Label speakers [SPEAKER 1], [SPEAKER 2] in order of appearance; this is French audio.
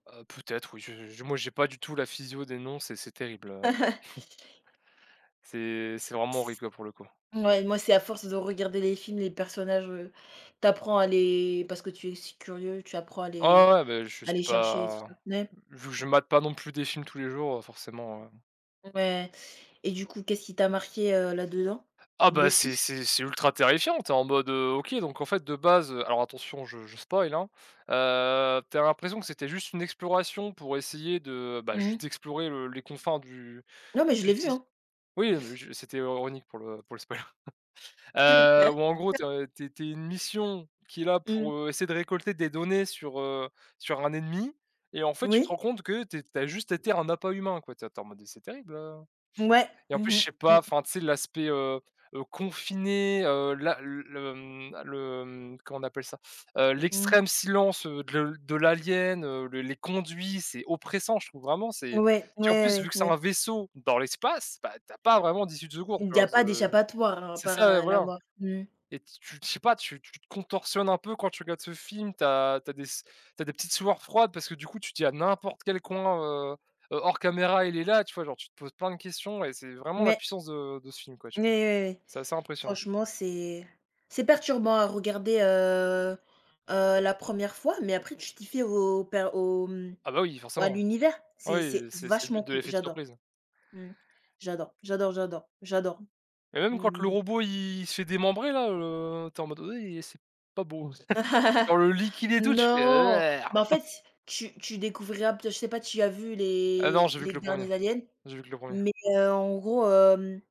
[SPEAKER 1] Heu, peut-être oui, je je, moi j'ai pas du tout la physio des noms, c'est c'est terrible, heu c'est c'est vraiment horrible, quoi, pour le coup.
[SPEAKER 2] Ouais moi, c'est à force de regarder les films, les personnages, heu, tu apprends à les parce que tu es aussi curieux, tu apprends à
[SPEAKER 1] Ah
[SPEAKER 2] les
[SPEAKER 1] ouais, ouais, bah, je
[SPEAKER 2] à
[SPEAKER 1] suis
[SPEAKER 2] les chercher et tout?
[SPEAKER 1] pas,
[SPEAKER 2] [unintelligible]
[SPEAKER 1] heu, je je matte pas non plus des films tous les jours, heu, forcément, heu.
[SPEAKER 2] Ouais! Et du coup, qu'est-ce qui t'a marqué, heu, là-dedans.
[SPEAKER 1] Ah bah, c'est
[SPEAKER 2] Dessus?
[SPEAKER 1] c'est c'est ultra terrifiant, tu es en mode: «Heu, OK, donc, en fait, de base, heu» alors attention, je je spoil, hein. Heu, tu as l'impression que c'était juste une exploration pour essayer de, bah,
[SPEAKER 2] Mmh mh.
[SPEAKER 1] juste explorer le les confins du
[SPEAKER 2] Non mais je l'ai
[SPEAKER 1] du
[SPEAKER 2] vu,
[SPEAKER 1] ti
[SPEAKER 2] hein.
[SPEAKER 1] oui, non, mais je c'était ironique pour le pour le spoil. Heu, où en gros, tu es, heu, tu es tu es une mission qui est là
[SPEAKER 2] Mmh.
[SPEAKER 1] pour, heu, essayer de récolter des données sur, heu, sur un ennemi et en fait, tu te
[SPEAKER 2] Oui.
[SPEAKER 1] rends compte que tu es tu as juste été un appât humain, quoi. Tu es tu es en mode: «C'est terrible», heu.
[SPEAKER 2] Mouais.
[SPEAKER 1] Et en plus,
[SPEAKER 2] Mmh mh.
[SPEAKER 1] je sais
[SPEAKER 2] Mmh.
[SPEAKER 1] pas, enfin, tu sais, l'aspect, heu heu, confiné, heu, la, l le, hem le hem, comment on appelle ça? Heu,
[SPEAKER 2] Mmh.
[SPEAKER 1] l'extrême silence, heu, de le de l'alien, heu, les conduits, c'est oppressant. Je trouve vraiment, c'est
[SPEAKER 2] Ouais. Ouais,
[SPEAKER 1] tu vois, en
[SPEAKER 2] ouais,
[SPEAKER 1] plus vu
[SPEAKER 2] ouais.
[SPEAKER 1] que c'est
[SPEAKER 2] Ouais.
[SPEAKER 1] un vaisseau dans l'espace, bah, tu as pas vraiment d'issue de secours. Tu
[SPEAKER 2] Il y
[SPEAKER 1] vois?
[SPEAKER 2] a pas
[SPEAKER 1] C'est
[SPEAKER 2] d'échappatoire, à
[SPEAKER 1] c'est
[SPEAKER 2] part,
[SPEAKER 1] ça et
[SPEAKER 2] heu, la
[SPEAKER 1] voilà.
[SPEAKER 2] mort. Mmh.
[SPEAKER 1] Et tu t'y je sais pas, tu tu te contorsionnes un peu quand tu regardes ce film, tu as tu as des s tu as des petites sueurs froides parce que du coup, tu dis: «A n'importe quel coin, heu heu, hors caméra, il est là». Tu vois? Genre, tu te poses plein de questions et c'est vraiment la
[SPEAKER 2] [unintelligible]
[SPEAKER 1] puissance de de ce film, quoi, tu
[SPEAKER 2] Ouais
[SPEAKER 1] vois.
[SPEAKER 2] ouais ouais.
[SPEAKER 1] C'est assez impressionnant.
[SPEAKER 2] Franchement, c'est c'est perturbant à regarder, heu heu, la 1re fois, mais après tu t'y fais au per au, hem
[SPEAKER 1] Ah bah, oui
[SPEAKER 2] au à
[SPEAKER 1] forcément.
[SPEAKER 2] l'univers. C'est
[SPEAKER 1] Oui,
[SPEAKER 2] c'est
[SPEAKER 1] c'est c'est le but
[SPEAKER 2] vachement
[SPEAKER 1] de
[SPEAKER 2] cool.
[SPEAKER 1] l'effet de
[SPEAKER 2] J'adore.
[SPEAKER 1] surprise.
[SPEAKER 2] Mmh. J'adore j'adore j'adore j'adore.
[SPEAKER 1] Et même quand le
[SPEAKER 2] Mmh.
[SPEAKER 1] robot il il se fait démembrer là le tu es en mode: «Heu, i et c'est pas beau». Genre le liquide et tout, tu fais:«
[SPEAKER 2] Non,
[SPEAKER 1] [unintelligible]
[SPEAKER 2] mais,
[SPEAKER 1] »!
[SPEAKER 2] en fait, s tu tu découvriras p je sais pas si tu as vu
[SPEAKER 1] Ah non,
[SPEAKER 2] les
[SPEAKER 1] j'ai vu que
[SPEAKER 2] les
[SPEAKER 1] le 1er
[SPEAKER 2] derniers Aliens?
[SPEAKER 1] j'ai vu que le 1er.
[SPEAKER 2] Mais, heu, en gros, hem